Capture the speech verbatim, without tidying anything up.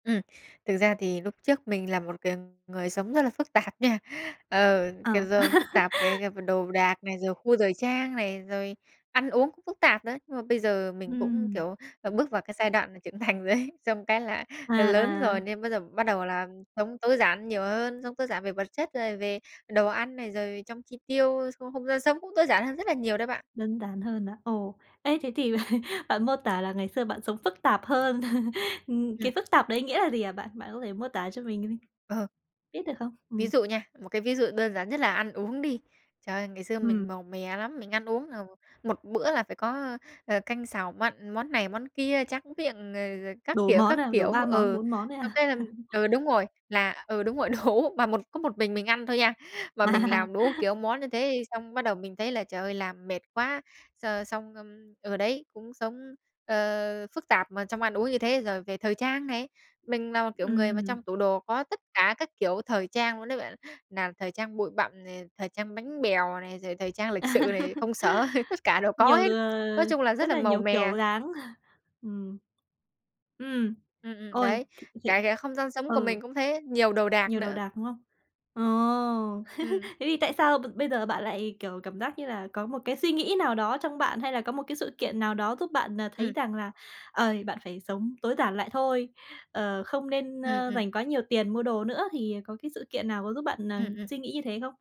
Ừm, thực ra thì lúc trước mình là một c người sống rất là phức tạp nha. Ờ, cái Ờ. rơm phức tạp cái cái đồ đạc này, rồi gu thời trang này, rồi ăn uống cũng phức tạp nữa, nhưng mà bây giờ mình cũng, Ừm. kiểu, ờ, bước vào cái giai đoạn mà trưởng thành rồi ấy, xong cái là À, là lớn rồi à. nên bây giờ bắt đầu là sống tối giản nhiều hơn, sống tối giản về vật chất, rồi về đồ ăn này, rồi trong chi tiêu, trong không gian sống cũng tối giản hơn rất là nhiều đó bạn. Đơn giản hơn à? Ồ, ê, thế thì bạn mô tả là ngày xưa bạn sống phức tạp hơn. Ưm, cái Ừm. phức tạp đấy nghĩa là gì hả bạn? Bạn có thể mô tả cho mình đi Ờ. biết được không? Ví Ừm. dụ nha, một cái ví dụ đơn giản nhất là ăn uống đi. Trời ơi, ngày xưa mình Ừm. màu mè lắm, mình ăn uống là m một bữa là phải có, ơ, ờ, canh, xào, mặn, món này món kia, tráng miệng, ờ, rồi các Đủ kiểu, món các à? Đủ kiểu, ba món, ừ, bốn món ấy xong à? cái là ừ, đúng rồi, là ừ, đúng rồi, đủ. Mà một có một mình mình ăn thôi nha, mà mình À. làm đủ, kiểu, món như thế xong bắt đầu mình thấy là, trời ơi, làm mệt quá, x xong ờ, đấy cũng sống, ờ, phức tạp mà trong ăn uống như thế. Rồi về thời trang này, mình là một kiểu người mà Ừm. trong tủ đồ có tất cả các kiểu thời trang luôn đấy bạn, nào thời trang bụi bặm này, thời trang bánh bèo này, rồi thời trang lịch sự này, công sở tất cả đều có Nhiều, hết, nói ờ, chung là rất rất là là màu nhiều mè. kiểu dáng. Ừm. Ừm, Ừm, ừm, ôi, đấy, [unintelligible] cái cái không gian sống của ừ. mình cũng thế, nhiều đồ đạc Nhiều đồ nữa. đạc, đúng không? Ờ! Ừm. Thế thì tại sao b bây giờ bạn lại, kiểu, cảm giác như là có một cái suy nghĩ nào đó trong bạn, hay là có một cái sự kiện nào đó giúp bạn, à, thấy Ừm. rằng là, ờ, bạn phải sống tối giản lại thôi, ờ, không nên, Ừm, ơ, ừm. dành quá nhiều tiền mua đồ nữa, thì có cái sự kiện nào có giúp bạn, à, Ừm, ừm. suy nghĩ như thế không?